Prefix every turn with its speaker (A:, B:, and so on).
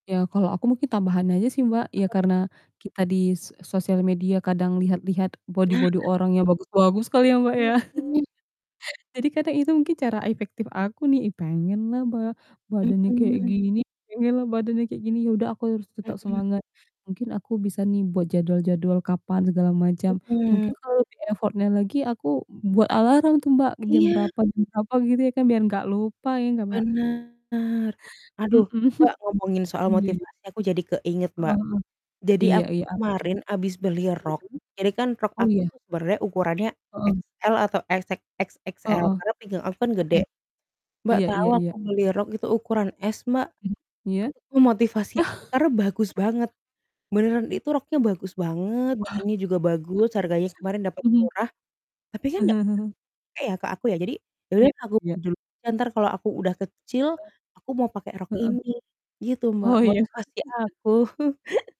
A: Ya, kalau aku mungkin tambahan aja, sih, Mbak,
B: Apa,
A: ya,
B: tuh?
A: karena kita di so sosial media kadang lihat-lihat
B: Nah.
A: bodi-bodi orang yang bagus-bagus kali ya, Mbak, ya.
B: Mhm.
A: Jadi, kadang itu mungkin cara efektif aku nih, ih, pengenlah ba badannya kayak
B: Mhm.
A: gini pengenlah badannya kayak gini, ya, udah aku harus tetap
B: Mhm.
A: semangat, mungkin aku bisa, nih, buat jadwal-jadwal kapan segala macam, mungkin
B: Mhm.
A: kalau lebih effort-nya lagi aku buat alarm, tuh, Mbak, jam
B: Iya.
A: berapa jam berapa, gitu, ya, kan biar enggak lupa, ya, enggak, Mbak?
B: Benar,
A: Mhm.
B: aduh, Mbak, ngomongin soal
A: iya iya.
B: motivasi aku jadi keinget,
A: Heeh
B: Mbak.
A: heeh.
B: Jadi,
A: Iya
B: aku
A: iya,
B: tuh
A: apa, tuh?
B: kemarin abis beli rok. Jadi, kan,
A: Mhm.
B: rok
A: Oh,
B: aku
A: iya.
B: tuh sebenarnya ukurannya
A: Heeh.
B: XL atau XX XXL
A: Heeh.
B: karena pinggang aku kan
A: Oke.
B: gede. Mbak,
A: Iya
B: tahu
A: iya
B: aku
A: iya.
B: beli rok itu ukuran S, Mbak,
A: Mhm, iya.
B: itu motivasi aku, karena bagus banget. Beneran itu roknya bagus banget,
A: Wah,
B: bahannya juga bagus, harganya kemarin dapat
A: mhm.
B: murah. Tapi kan [unintelligible] ya, ke aku ya, jadi ya
A: Iya
B: udahlah aku beli
A: iya.
B: dulu, bentar kalau aku udah kecil, aku mau pake rok
A: Iya, Heeh.
B: ini gitu Mbak,
A: Oh, iya.
B: motivasi aku.